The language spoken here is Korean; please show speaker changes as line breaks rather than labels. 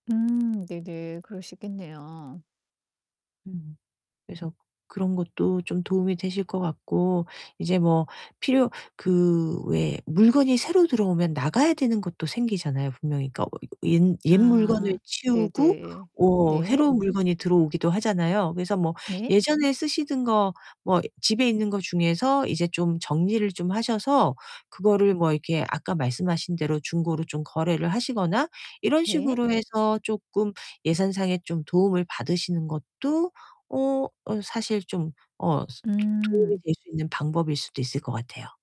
음 네네. 그럴 수 있겠네요.
음. 그래서 그런 것도 좀 도움이 되실 것 같고 이제 뭐 필요 그 왜 물건이 새로 들어오면 나가야 되는 것도 생기잖아요 분명히. 그러니까 어 이거 옛 옛 물건을
아.
치우고
네네.
워
네.
해로운 물건이 들어오기도 하잖아요. 그래서 뭐
네.
예전에 쓰시던 거 뭐 집에 있는 거 중에서 이제 좀 정리를 좀 하셔서 그거를 뭐 이렇게 아까 말씀하신 대로 중고로 좀 거래를 하시거나 이런
네.
식으로 해서 쪼끔 예산상에 좀 도움을 받으시는 것도 어 어 사실 좀 어 스 도움이
음.
될 수 있는 방법일 수도 있을 것 같아요.